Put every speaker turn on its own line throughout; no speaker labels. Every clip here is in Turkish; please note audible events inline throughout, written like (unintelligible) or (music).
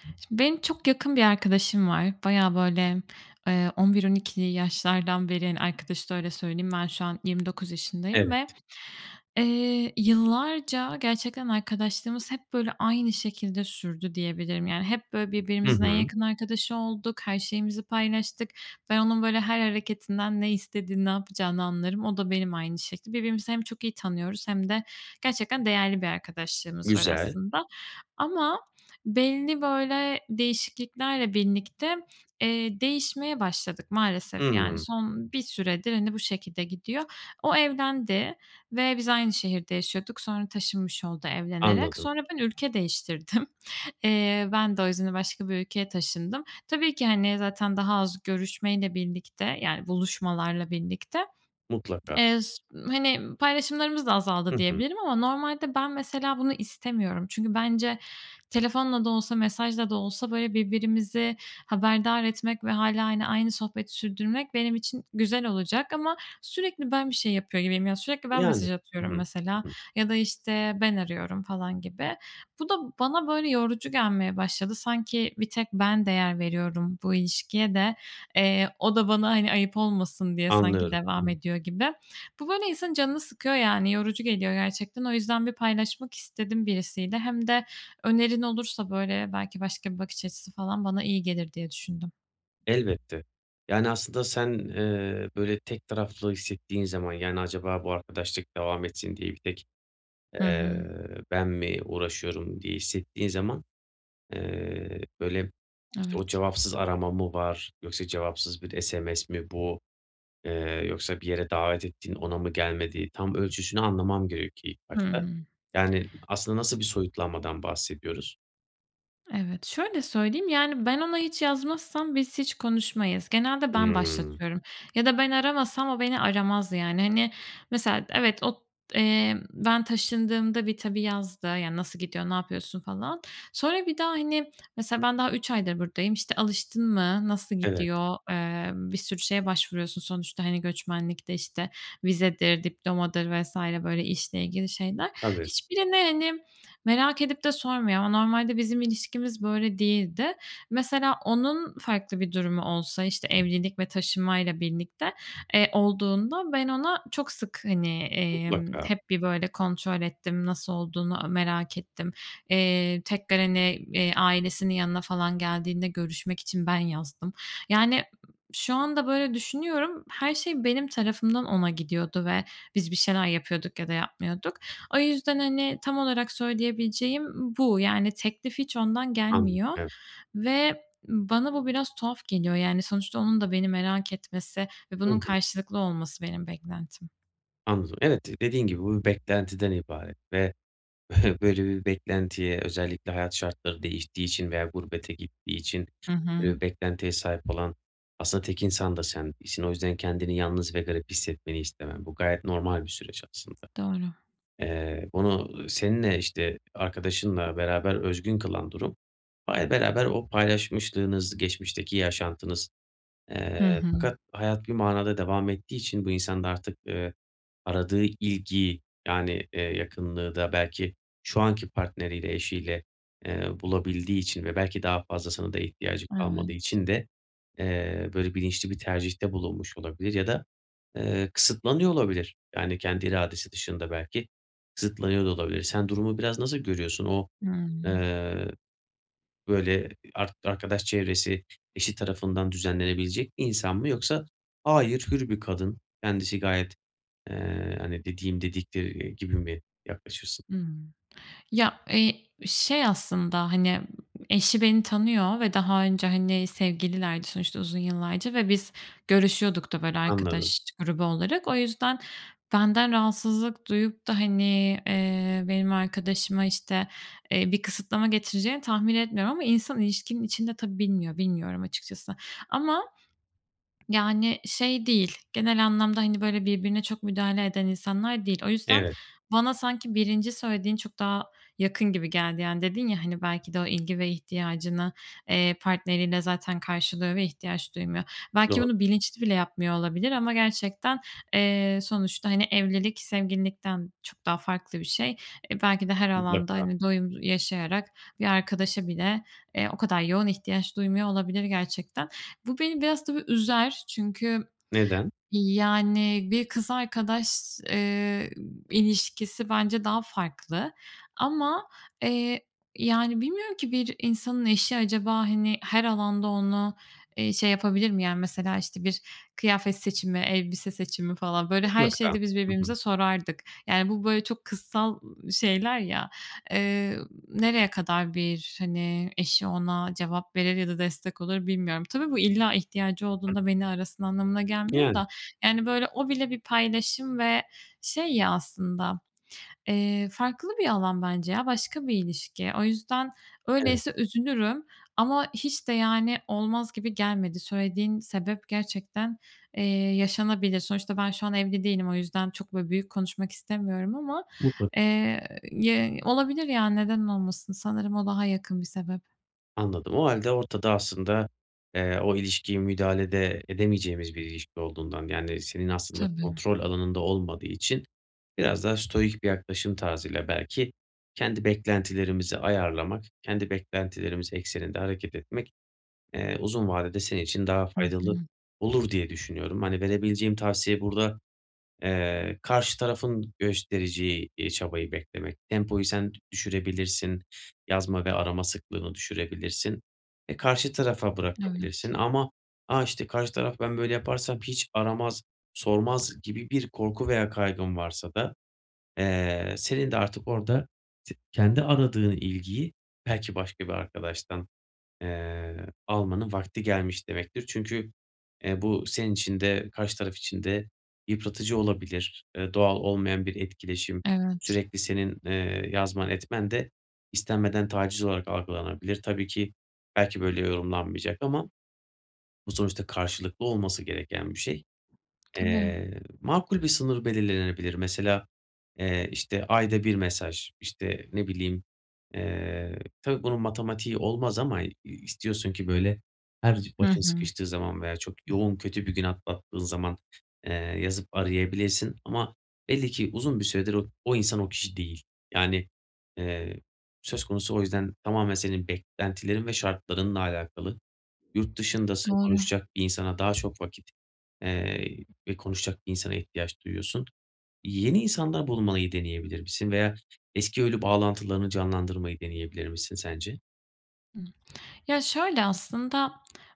Şimdi, benim çok yakın bir arkadaşım var. Bayağı, böyle, ııı, 11, 12'li yaşlardan beri, hani, arkadaşız öyle söyleyeyim. Ben şu an 29 yaşındayım ve,
Evet.
eee, yıllarca gerçekten arkadaşlığımız hep, böyle, aynı şekilde sürdü diyebilirim. Yani, hep, böyle,
Hı
birbirimizin en
hı.
yakın arkadaşı olduk, her şeyimizi paylaştık. Ben onun, böyle, her hareketinden ne istediğini, ne yapacağını anlarım. O da benim aynı şekilde. Birbirimizi hem çok iyi tanıyoruz, hem de gerçekten değerli bir arkadaşlığımız var
Güzel.
aslında. Ama belli, böyle, değişikliklerle birlikte, eee, değişmeye başladık maalesef yani.
Hımm.
Son bir süredir, hani, bu şekilde gidiyor. O evlendi, ve biz aynı şehirde yaşıyorduk. Sonra taşınmış oldu evlenerek.
Anladım.
Sonra ben ülke değiştirdim. Eee, ben de o yüzden başka bir ülkeye taşındım. Tabii ki, hani, zaten daha az görüşmeyle birlikte, yani, buluşmalarla birlikte. (swallows)
Mutlaka.
Eee, s hani, paylaşımlarımız da azaldı
Hı hı.
diyebilirim ama normalde ben mesela bunu istemiyorum. Çünkü bence telefonla da olsa, mesajla da olsa, böyle, birbirimizi haberdar etmek ve hâlâ, hani, aynı sohbeti sürdürmek benim için güzel olacak ama sürekli ben bir şey yapıyor gibiyim. Yani sürekli ben
Yani.
mesaj
Hı
atıyorum
hı.
mesela
Hı hı.
ya da, işte, ben arıyorum falan gibi. Bu da bana, böyle, yorucu gelmeye başladı. Sanki bir tek ben değer veriyorum bu ilişkiye de, eee, o da bana, hani, ayıp olmasın diye sanki
Anlıyorum. Hı
devam
hı.
ediyor gibi. Bu, böyle, insanın canını sıkıyor yani yorucu geliyor gerçekten. O yüzden bir paylaşmak istedim birisiyle. Hem de önerin olursa, böyle, belki başka bir bakış açısı falan bana iyi gelir diye düşündüm.
Elbette, yani aslında sen, eee, böyle, tek taraflı hissettiğin zaman, yani acaba bu arkadaşlık devam etsin diye bir tek,
Hı
eee,
hı.
"ben mi uğraşıyorum" diye hissettiğin zaman, eee, böyle, işte, o
Evet.
cevapsız arama mı var, yoksa cevapsız bir SMS mi bu, eee, yoksa bir yere davet ettin ona mı gelmedi, tam ölçüsünü anlamam gerekiyor ilk
Hı
başta.
hı.
Yani aslında nasıl bir soyutlanmadan bahsediyoruz?
Evet, şöyle söyleyeyim: Yani ben ona hiç yazmazsam biz hiç konuşmayız. Genelde ben
Hımm.
başlatıyorum ya da ben aramasam o beni aramaz yani. Hani, mesela evet, ot eee, ben taşındığımda bir tabii yazdı. Yani "Nasıl gidiyor? Ne yapıyorsun?" falan. Sonra bir daha, hani, mesela ben daha 3 aydır buradayım. İşte "Alıştın mı? Nasıl
Evet.
gidiyor?" Emm, bir sürü şeye başvuruyorsun sonuçta. Hani göçmenlikte işte vizedir, diplomadır vs. böyle işle ilgili şeyler.
Tabii.
Hiçbirini hani merak edip de sormuyor. Ama normalde bizim ilişkimiz böyle değildi. Mesela onun farklı bir durumu olsa, işte, evlilik ve taşınmayla birlikte, eee, olduğunda, ben ona çok sık, hani, emm,
Mutlaka.
hep bir böyle kontrol ettim. Nasıl olduğunu a merak ettim. Eee, tekrar hani, eee, ailesinin yanına falan geldiğinde görüşmek için ben yazdım. Yani, şu anda böyle düşünüyorum. Her şey benim tarafımdan ona gidiyordu ve biz bir şeyler yapıyorduk ya da yapmıyorduk. O yüzden, hani, tam olarak söyleyebileceğim bu. Yani teklif hiç ondan
Anladım.
gelmiyor
Evet.
ve bana bu biraz tuhaf geliyor. Yani sonuçta onun da beni merak etmesi ve
Hı
bunun
hı.
karşılıklı olması benim beklentim.
Anladım. Evet, dediğin gibi bu bir beklentiden ibaret ve (scoffs) böyle bir beklentiye özellikle hayat şartları değiştiği için veya gurbete gittiği için,
Hı hı.
ııı, beklentiye sahip olan, aslında tek insan da sen değilsin. O yüzden kendini yalnız ve garip hissetmeni istemem. Bu gayet normal bir süreç aslında.
Doğru.
Eee, onu, ııı, seninle işte, arkadaşınla beraber özgün kılan durum, hâlâ beraber o paylaşmışlığınız, geçmişteki yaşantınız, eee,
Hı hı.
fakat hayat bir manada devam ettiği için bu insan da artık, ııı, aradığı ilgiyi, yani, eee, yakınlığı da belki şu anki partneriyle, eşiyle, ııı, bulabildiği için ve belki daha fazlasına da ihtiyacı kalmadığı
Evet.
için de, eee, böyle bilinçli bir tercihte bulunmuş olabilir ya da ,eee, kısıtlanıyor olabilir. Yani kendi iradesi dışında belki kısıtlanıyor da olabilir. Sen durumu biraz nasıl görüyorsun? O,
Hıı.
eee, böyle, ark arkadaş çevresi, eşi tarafından düzenlenebilecek bir insan mı? Yoksa hayır, hür bir kadın. Kendisi gayet, eee, hani, dediğim dediktir gibi mi yaklaşırsın?
Hımm, ya, eee, şey aslında, hani, eşi beni tanıyor ve daha önce, hani, sevgililerdi sonuçta, uzun yıllarca ve biz görüşüyorduk da, böyle,
Anladım.
arkadaş grubu olarak. O yüzden, benden rahatsızlık duyup da, hani, eee, benim arkadaşıma, işte, eee, bir kısıtlama getireceğini tahmin etmiyorum ama insan ilişkinin içinde tabii bilmiyor, bilmiyorum açıkçası ama yani şey değil, genel anlamda, hani, böyle, birbirine çok müdahale eden insanlar değil. O yüzden,
Evet.
bana sanki 1'nci söylediğin çok daha yakın gibi geldi. Yani dedin ya, hani, belki de o ilgi ve ihtiyacını, eee, partneriyle zaten karşılıyor ve ihtiyaç duymuyor. Belki bunu
Doğru.
bilinçli bile yapmıyor olabilir ama gerçekten, eee, sonuçta, hani, evlilik, sevgililikten çok daha farklı bir şey. E, belki de her alanda,
Mutlaka.
hani, doyum yaşayarak bir arkadaşa bile, eee, o kadar yoğun ihtiyaç duymuyor olabilir gerçekten. Bu beni biraz tabii üzer. Çünkü
Neden?
yani bir kız arkadaş, eee, ilişkisi bence daha farklı ama, eee, yani bilmiyorum ki bir insanın eşi acaba, hani, her alanda onu, eee, şey yapabilir mi? Yani, mesela, işte, bir kıyafet seçimi, elbise seçimi falan, böyle, her
Mutlaka.
şeyde biz
Hı hı.
birbirimize sorardık. Yani, bu, böyle, çok kızsal, ııı, şeyler ya, eee, nereye kadar bir, hani, eşi ona cevap verir ya da destek olur bilmiyorum. Tabii bu illa ihtiyacı
(unintelligible)
olduğunda beni arasın anlamına gelmiyor
Yani.
da, yani, böyle, o bile bir paylaşım ve şey ya aslında, eee, farklı bir alan bence ya, başka bir ilişki. O yüzden,
Evet.
öyleyse üzülürüm ama hiç de, yani, olmaz gibi gelmedi, söylediğin sebep gerçekten, eee, yaşanabilir. Sonuçta ben şu an evli değilim o yüzden çok, böyle, büyük konuşmak istemiyorum ama,
Mutlaka.
eee (unintelligible) olabilir yani neden olmasın? Sanırım o daha yakın bir sebep.
Anladım. O hâlde ortada aslında, eee, o ilişkiyi müdahale de edemeyeceğimiz bir ilişki olduğundan, yani senin aslında
Tabii.
kontrol alanında olmadığı için biraz da stoic bir yaklaşım tarzıyla belki kendi beklentilerimizi ayarlamak, kendi beklentilerimiz ekseninde hareket etmek, eee, uzun vadede senin için daha
Hı
faydalı
hı.
olur diye düşünüyorum. Hani verebileceğim tavsiye burada, eee, karşı tarafın göstereceği, iii, çabayı beklemek, tempoyu sen düşürebilirsin. Yazma ve arama sıklığını düşürebilirsin. E, karşı tarafa
Evet.
bırakabilirsin ama "a, işte, karşı taraf ben böyle yaparsam hiç aramaz, sormaz." gibi bir korku veya kaygın varsa da, eee, senin de artık orada, t kendi aradığın ilgiyi belki başka bir arkadaştan, eee, almanın vakti gelmiş demektir. Çünkü, eee, bu senin için de karşı taraf için de yıpratıcı olabilir, ııı, doğal olmayan bir etkileşim,
Evet.
sürekli senin, eee, yazman etmen de, istenmeden taciz olarak algılanabilir. Tabii ki, belki böyle yorumlanmayacak ama bu sonuçta karşılıklı olması gereken bir şey.
Tabii.
Eee, makul bir sınır belirlenebilir. Mesela, eee, işte ayda bir mesaj, işte, ne bileyim, eee, tabii, bunun matematiği olmaz ama i istiyorsun ki böyle her c
Hı
başın
hı.
sıkıştığı zaman veya çok yoğun kötü bir gün atlattığın zaman, eee, yazıp arayabilirsin ama belli ki uzun bir süredir o o insan, o kişi değil. Yani, eee, söz konusu o yüzden tamamen senin beklentilerin ve şartlarınla alakalı. Yurt dışındasın,
Doğru.
konuşacak bir insana daha çok vakit, eee, ve konuşacak bir insana ihtiyaç duyuyorsun. Yeni insanlar bulmayı deneyebilir misin veya eski ölü bağlantılarını canlandırmayı deneyebilir misin sence?
Ih Ya, şöyle aslında,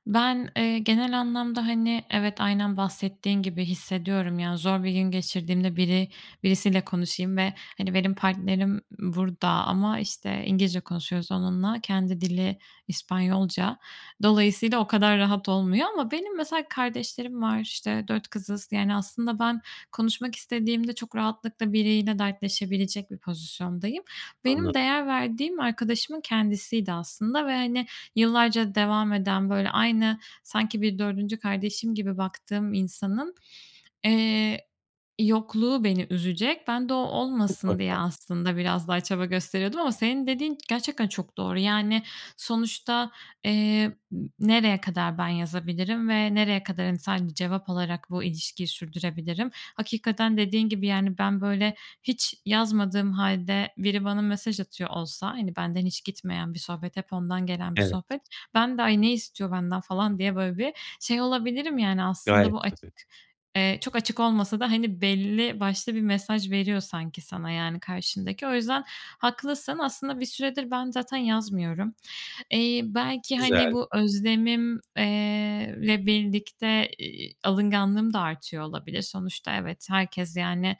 ben, eee, genel anlamda, hani, evet, aynen bahsettiğin gibi hissediyorum. Yani zor bir gün geçirdiğimde biri birisiyle konuşayım ve, hani, benim partnerim burada ama, işte, İngilizce konuşuyoruz onunla. Kendi dili İspanyolca. Dolayısıyla o kadar rahat olmuyor ama benim mesela kardeşlerim var, işte, 4 kızız. Yani aslında ben konuşmak istediğimde çok rahatlıkla biriyle dertleşebilecek bir pozisyondayım. Benim
Anladım.
değer verdiğim arkadaşımın kendisiydi aslında ve, hani, yıllarca devam eden, böyle, aynı, sanki bir 4'üncü kardeşim gibi baktığım insanın, eee, yokluğu beni üzecek. Ben de o olmasın diye
Mutlaka.
aslında biraz daha çaba gösteriyordum ama senin dediğin gerçekten çok doğru. Yani sonuçta, eee, ı nereye kadar ben yazabilirim ve nereye kadar, hani, sadece cevap alarak bu ilişkiyi sürdürebilirim? Hakikaten dediğin gibi, yani, ben, böyle, hiç yazmadığım hâlde biri bana mesaj atıyor olsa, hani, benden hiç gitmeyen bir sohbet, hep ondan gelen bir
Evet.
sohbet, ben de "Ay ne istiyor benden?" falan diye böyle bir şey olabilirim yani, aslında
Gayet
bu aç
tabii.
eee, çok açık olmasa da, hani belli başlı bir mesaj veriyor sanki sana, yani, karşındaki. O yüzden haklısın, aslında bir süredir ben zaten yazmıyorum. Eee, belki, hani,
Güzel.
bu özlemim eee, le birlikte, iii, alınganlığım da artıyor olabilir. Sonuçta evet, herkes, yani,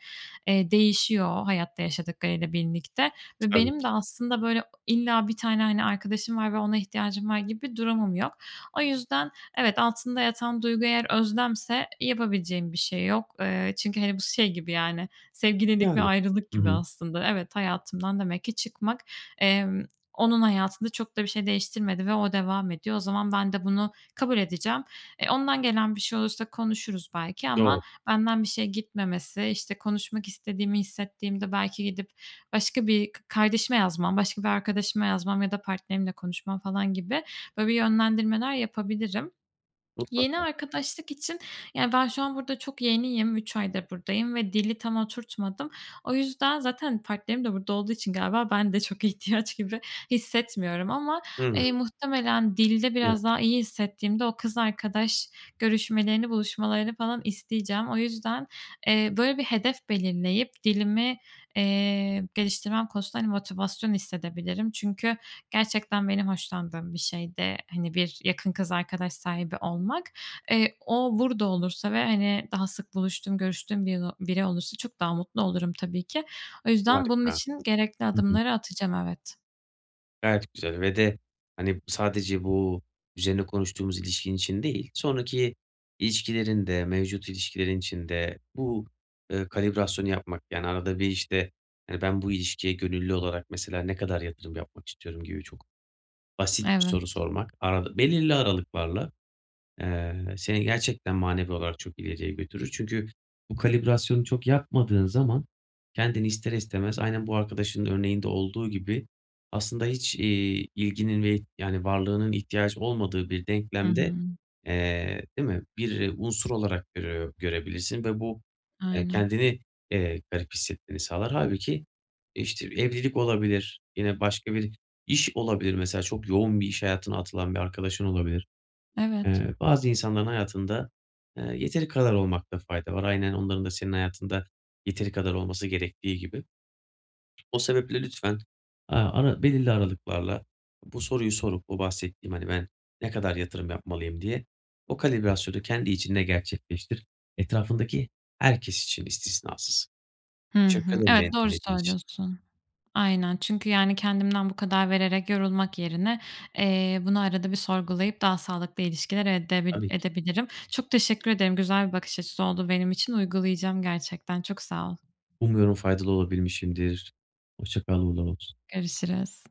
eee, değişiyor hayatta yaşadıklarıyla birlikte ve
Tabii
benim de
ki.
aslında böyle illa bir tane, hani, arkadaşım var ve ona ihtiyacım var gibi durumum yok. O yüzden evet, altında yatan duygu eğer özlemse yapabileceğim bir şey yok. Eee, çünkü, hani, bu şey gibi yani sevgililik ve
Yani.
ayrılık
Hı
gibi
hı.
aslında. Evet, hayatımdan demek ki çıkmak, emm, onun hayatında çok da bir şey değiştirmedi ve o devam ediyor. O zaman ben de bunu kabul edeceğim. E, ondan gelen bir şey olursa konuşuruz belki
Doğru.
ama benden bir şey gitmemesi, işte, konuşmak istediğimi hissettiğimde belki gidip başka bir k kardeşime yazmam, başka bir arkadaşıma yazmam ya da partnerimle konuşmam falan gibi böyle, bir, yönlendirmeler yapabilirim. Yeni
Mutlaka.
arkadaşlık için yani ben şu an burada çok yeniyim, 3 aydır buradayım ve dili tam oturtmadım. O yüzden zaten partnerim de burada olduğu için galiba ben de çok ihtiyaç gibi hissetmiyorum ama,
Hı
eee,
hı.
muhtemelen dilde
Evet.
biraz daha iyi hissettiğimde o kız arkadaş görüşmelerini, buluşmalarını falan isteyeceğim. O yüzden, eee, böyle bir hedef belirleyip dilimi, eee, geliştirmem konusunda, hani, motivasyon hissedebilirim. Çünkü gerçekten benim hoşlandığım bir şeydi, hani, bir yakın kız arkadaş sahibi olmak. Eee, o burada olursa ve, hani, daha sık buluştuğum görüştüğüm (unintelligible) biri olursa çok daha mutlu olurum tabii ki. O yüzden bunun
Harika.
için gerekli
Hı hı.
adımları atacağım, evet.
Gayet güzel ve de, hani, sadece bu üzerine konuştuğumuz ilişkin için değil, sonraki ilişkilerin de, mevcut ilişkilerin için de bu, ııı, kalibrasyonu yapmak, yani, arada bir işte hani "Ben bu ilişkiye gönüllü olarak mesela ne kadar yatırım yapmak istiyorum?" gibi çok basit bir soru
Evet.
sormak, aralı belirli aralıklarla, eee, seni gerçekten manevi olarak çok ileriye götürür. Çünkü bu kalibrasyonu çok yapmadığın zaman kendini ister istemez, aynen bu arkadaşının örneğinde olduğu gibi, aslında hiç, iii, ilginin ve ih yani, varlığının ihtiyacı olmadığı bir
Hı
denklemde,
hı.
eee, değil mi, bir unsur olarak görüyor görebilirsin ve bu, eee,
Aynen.
kendini, eee, garip hissetmeni sağlar. Hâlbuki, işte, evlilik olabilir, yine başka bir iş olabilir, mesela çok yoğun bir iş hayatına atılan bir arkadaşın olabilir.
Evet.
Eee, bazı insanların hayatında, eee, yeteri kadar olmakta fayda var. Aynen onların da senin hayatında yeteri kadar olması gerektiği gibi. O sebeple lütfen, eee, ara belirli aralıklarla bu soruyu sorup bu bahsettiğim, hani, "Ben ne kadar yatırım yapmalıyım?" diye, o kalibrasyonu kendi içinde gerçekleştir. Etrafındaki herkes için istisnasız.
Hı hı.
(unintelligible) beni
Evet, doğru
dinlediğin için.
söylüyorsun. Aynen, çünkü, yani, kendimden bu kadar vererek yorulmak yerine, eee, bunu arada bir sorgulayıp daha sağlıklı ilişkiler edebi
Tabii ki.
edebilirim. Çok teşekkür ederim, güzel bir bakış açısı oldu benim için, uygulayacağım gerçekten. Çok sağ ol.
Umuyorum faydalı olabilmişimdir. Hoşça kal, uğurlar olsun.
Görüşürüz.